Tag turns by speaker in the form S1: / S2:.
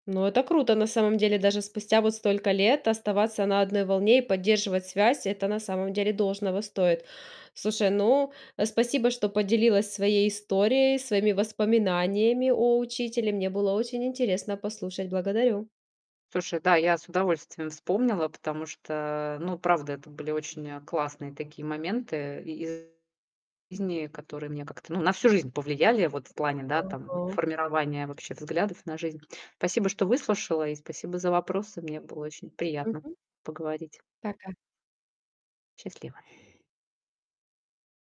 S1: Ну это круто, на самом деле, даже спустя вот столько лет оставаться на одной волне и поддерживать связь- это на самом деле должного стоит. Слушай, ну, спасибо, что поделилась своей историей, своими воспоминаниями о учителе. Мне было очень интересно послушать. Благодарю.
S2: Слушай, да, я с удовольствием вспомнила, потому что, ну, правда, это были очень, а, классные такие моменты и зни, которые мне как-то, ну, на всю жизнь повлияли. Вот в плане, да, там,
S1: Ага.
S2: формирования вообще взглядов на жизнь. Спасибо, что выслушала и спасибо за вопросы. Мне было очень приятно
S1: Мгм.
S2: поговорить.
S1: Пока.
S2: Счастливо.